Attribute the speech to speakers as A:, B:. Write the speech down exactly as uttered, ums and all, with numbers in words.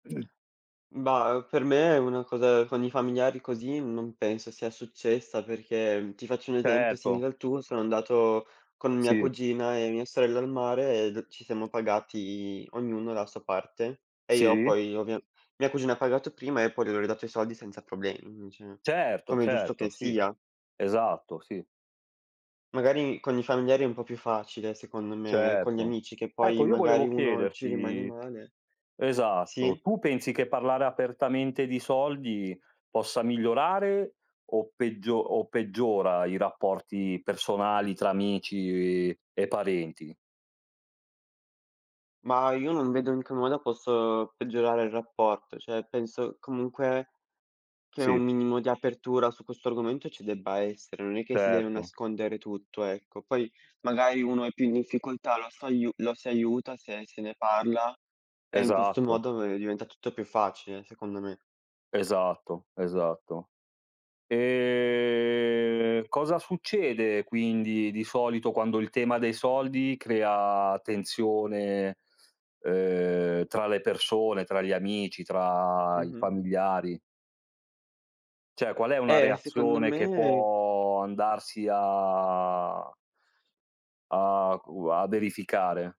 A: [unintelligible]
B: Bah, uhm, per me una cosa con i familiari così non penso sia successa, perché ti faccio un esempio
A: Certo.
B: simile al tuo: sono andato con mia
A: Sì.
B: cugina e mia sorella al mare e d ci siamo pagati ognuno la sua parte e io
A: Sì.
B: poi ovvia mia cugina ha pagato prima e poi io le ho ridato i soldi senza problemi, mhmm, ceh,
A: Certo,
B: come è giusto che
A: certo, sì.
B: sia.
A: Esatto, sì.
B: Magari con i familiari è un po' più facile secondo me, è con gli
A: Certo.
B: amici che poi
A: Ecco, io
B: magari
A: volevo
B: uno ci rimani
A: chiederti
B: male.
A: esatto,
B: Sì.
A: tu pensi che parlare apertamente di soldi possa migliorare o peggio o peggiora i rapporti personali tra amici e e parenti?
B: Mah, io non vedo in che modo posso peggiorare il rapporto, cioè, penso, comunque, che un
A: Sì.
B: minimo di apertura su questo argomento ci debba essere, non è che si deve
A: Certo.
B: nascondere tutto, ecco. Poi, magari, uno è più in difficoltà, lo s'aiu lo si aiuta se se ne parla e, in questo
A: Esatto.
B: modo, ve diventa tutto più facile, secondo me.
A: Esatto, esatto. Ehm, cosa succede quindi di solito quando il tema dei soldi crea tensione, ehm, tra le persone, tra gli amici, tra i
B: Mh-mh.
A: familiari? ceh, qual è una
B: Eh, secondo
A: reazione che
B: me
A: può andarsi a a qu a verificare?